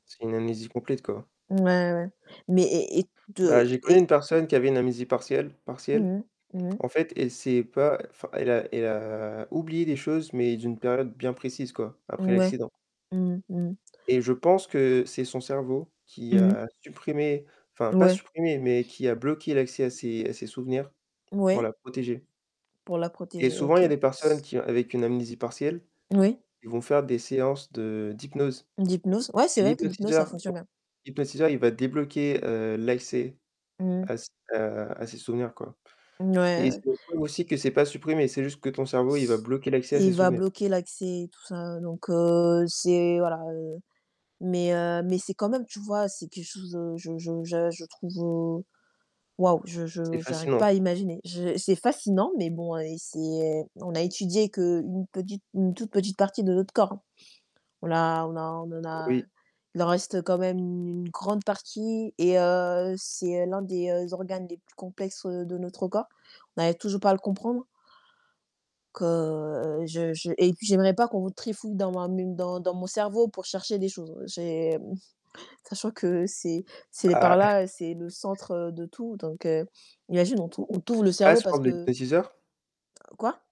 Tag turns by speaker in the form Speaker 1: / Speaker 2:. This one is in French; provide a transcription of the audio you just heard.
Speaker 1: C'est une amnésie complète, quoi.
Speaker 2: Ouais ouais, mais et et
Speaker 1: Bah
Speaker 2: de
Speaker 1: j'ai connu une
Speaker 2: et
Speaker 1: personne qui avait une amnésie partielle partielle.
Speaker 2: Mmh mh. Mmh mh.
Speaker 1: En fait, elle s'est pas enfin, elle a elle a, heu, oublié des choses, mais d'une période bien précise quoi, après
Speaker 2: Mouais.
Speaker 1: l'accident.
Speaker 2: Mmh mh. Mmh mh.
Speaker 1: Et je pense que c'est son cerveau qui
Speaker 2: Mmh mh.
Speaker 1: a supprimé enfin pas
Speaker 2: Ouais.
Speaker 1: supprimé, mais qui a bloqué l'accès à ses à ses souvenirs pour
Speaker 2: Ouais?
Speaker 1: la protéger.
Speaker 2: Pour la
Speaker 1: Et
Speaker 2: protéger,
Speaker 1: souvent, il y a
Speaker 2: OK.
Speaker 1: des personnes qui avec une amnésie partielle,
Speaker 2: Oui.
Speaker 1: ils vont faire des séances de d'hypnose.
Speaker 2: L'hypnose ouais, c'est
Speaker 1: Et
Speaker 2: vrai que l'hypnose ça
Speaker 1: l'hypnotiseur
Speaker 2: fonctionne bien!
Speaker 1: l'hypnotiseur il va débloquer heu, l'accès
Speaker 2: Mmh.
Speaker 1: à s à à ses souvenirs quoi
Speaker 2: Mouais,
Speaker 1: et c'est
Speaker 2: ouais.
Speaker 1: [unintelligible] aussi que c'est pas supprimé, c'est juste que ton cerveau il va bloquer l'accès à
Speaker 2: Et
Speaker 1: ses
Speaker 2: il va
Speaker 1: souvenirs.
Speaker 2: bloquer l'accès et tout ça. Donc heu, c'est voilà heu. Mais heu mais c'est quand même, tu vois c'est quelque chose, heu, je je je je trouve heu waouh, je
Speaker 1: C'est
Speaker 2: je j'arrive
Speaker 1: fascinant.
Speaker 2: pas à imaginer. Je c'est fascinant, mais bon heu, c'est on a étudié qu'une petite, une toute petite partie de notre corps hein. On a on a on en a
Speaker 1: Oui.
Speaker 2: il en reste quand même une grande partie et heu, c'est l'un des organes les plus complexes, heu, de notre corps. On arrive toujours pas à le comprendre que, heu, je je et puis j'aimerais pas qu'on trifouille dans ma m dans dans mon cerveau pour chercher des choses. J'ai, mmh sachant que c'est c'est les par
Speaker 1: Ah.
Speaker 2: là, c'est le centre, heu, de tout. Donc heu imagine, on t on t'ouvre le
Speaker 1: À
Speaker 2: cerveau
Speaker 1: sur
Speaker 2: parce
Speaker 1: les [unintelligible] de
Speaker 2: que
Speaker 1: l'hypnotiseur?
Speaker 2: Quoi?